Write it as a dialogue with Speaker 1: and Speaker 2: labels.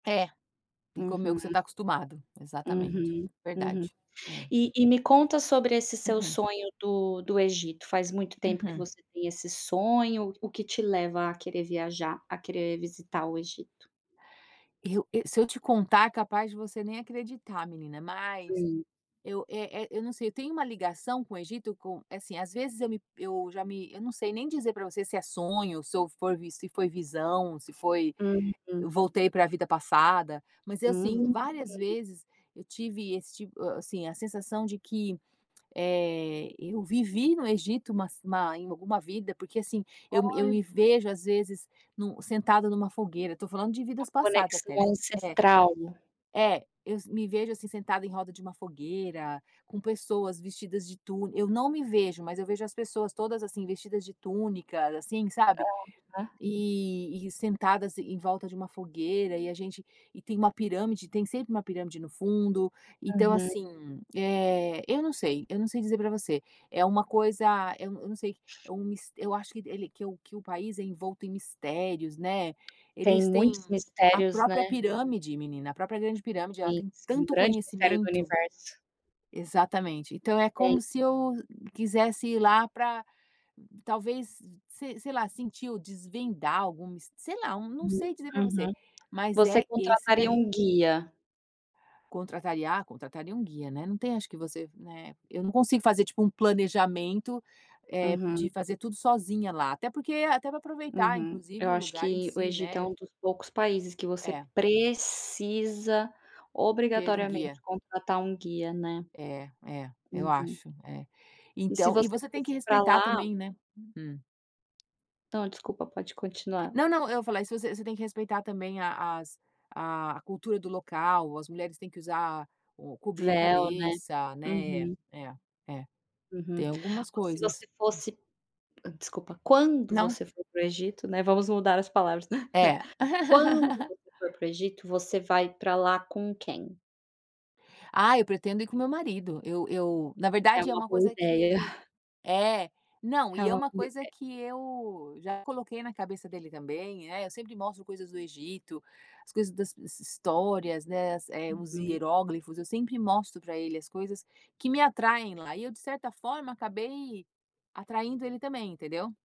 Speaker 1: É, e comer o que você
Speaker 2: Uhum.
Speaker 1: tá acostumado. Exatamente,
Speaker 2: Uhum, uhum
Speaker 1: verdade, É.
Speaker 2: E e me conta sobre esse seu
Speaker 1: Uhum.
Speaker 2: sonho do do Egito, faz muito tempo que
Speaker 1: Uhum.
Speaker 2: você tem esse sonho, o que te leva a querer viajar, a querer visitar o Egito?
Speaker 1: Eu, e se eu te contar é capaz de você nem acreditar menina, mas
Speaker 2: Sim.
Speaker 1: eu, eh eh, eu não sei, eu tenho uma ligação com o Egito com, assim, às vezes, eu me eu já me, eu não sei nem dizer pra você se é sonho, se eu for vi se foi visão, se foi,
Speaker 2: Uhum.
Speaker 1: eu voltei pra vida passada, mas é assim,
Speaker 2: Hum.
Speaker 1: várias vezes eu tive esse tipo, assim, a sensação de que, eh, eu vivi no Egito, mas ma em alguma vida, porque, assim, eu eu
Speaker 2: Olha.
Speaker 1: me vejo às vezes no, sentada numa fogueira, eu tô falando de
Speaker 2: Uma
Speaker 1: vidas passadas
Speaker 2: conexão
Speaker 1: até, né É,
Speaker 2: ancestral.
Speaker 1: é, eu s me vejo assim sentada em roda de uma fogueira, com pessoas vestidas de túni eu não me vejo, mas eu vejo as pessoas todas, assim, vestidas de túnicas, assim, sabe.
Speaker 2: Aham.
Speaker 1: E e sentadas em volta de uma fogueira e a gente e tem uma pirâmide, tem sempre uma pirâmide no fundo, então,
Speaker 2: Uhum.
Speaker 1: assim, eh, eu não sei, eu não sei dizer pra você é uma coisa, eu eu não sei, é um mis eu acho que ele que o que o país é envolto em mistérios, né.
Speaker 2: Tem
Speaker 1: Eles têm
Speaker 2: muitos
Speaker 1: a
Speaker 2: mistérios, né.
Speaker 1: própria pirâmide, menina, a própria grande pirâmide ela
Speaker 2: Tem
Speaker 1: tem
Speaker 2: sim, um
Speaker 1: tanto
Speaker 2: grande mistério do
Speaker 1: conhecimento
Speaker 2: universo.
Speaker 1: Exatamente. Então é
Speaker 2: Tem.
Speaker 1: como se eu quisesse ir lá pra, talvez, se sei lá, sentir ou desvendar algum mist sei lá, não
Speaker 2: Hum,
Speaker 1: sei dizer pra você,
Speaker 2: uhum
Speaker 1: mas
Speaker 2: Você
Speaker 1: é esse
Speaker 2: contrataria
Speaker 1: daí.
Speaker 2: um guia?
Speaker 1: Contrataria, ah, contrataria um guia, né, não tem acho que você, né, eu não consigo fazer, tipo, um planejamento, eh, de
Speaker 2: Uhum.
Speaker 1: fazer tudo sozinha lá, até porque, até pra aproveitar
Speaker 2: Uhum Eu
Speaker 1: inclusive o
Speaker 2: acho
Speaker 1: lugar em
Speaker 2: que o
Speaker 1: si,
Speaker 2: Egito é
Speaker 1: né.
Speaker 2: um dos poucos países que você
Speaker 1: É.
Speaker 2: precisa,
Speaker 1: Ter um guia.
Speaker 2: obrigatoriamente, contratar um guia, né.
Speaker 1: É, é, eu
Speaker 2: Uhum.
Speaker 1: acho, é
Speaker 2: E se
Speaker 1: Então, e
Speaker 2: você
Speaker 1: você tem que
Speaker 2: fosse pra
Speaker 1: respeitar
Speaker 2: lá
Speaker 1: também, né Hum.
Speaker 2: Não, desculpa, pode continuar.
Speaker 1: Não, não. Eu falei isso você você tem que respeitar também a a a cultura do local, as mulheres têm que usar o cobrir a
Speaker 2: Véu, né
Speaker 1: cabeça, né É,
Speaker 2: Uhum.
Speaker 1: é, é,
Speaker 2: Uhum
Speaker 1: tem algumas
Speaker 2: Ou se
Speaker 1: coisas.
Speaker 2: você fosse, hã, desculpa, quando
Speaker 1: Não.
Speaker 2: você for para o Egito, né, vamos mudar as palavras.
Speaker 1: É.
Speaker 2: Quando você for para o Egito, você vai pra lá com quem?
Speaker 1: Ah, eu pretendo ir com o meu marido. Eu eu, na
Speaker 2: É
Speaker 1: verdade é
Speaker 2: uma
Speaker 1: uma
Speaker 2: boa
Speaker 1: coisa que
Speaker 2: ideia.
Speaker 1: ele É, não,
Speaker 2: É
Speaker 1: e
Speaker 2: uma
Speaker 1: é uma
Speaker 2: boa
Speaker 1: coisa
Speaker 2: ideia.
Speaker 1: que eu já coloquei na cabeça dele também, é, eu sempre mostro coisas do Egito, as coisas das s histórias, né, as os
Speaker 2: Uhum.
Speaker 1: hieróglifos, eu sempre mostro pra ele as coisas que me atraem lá, e eu de certa forma acabei atraindo ele também, entendeu?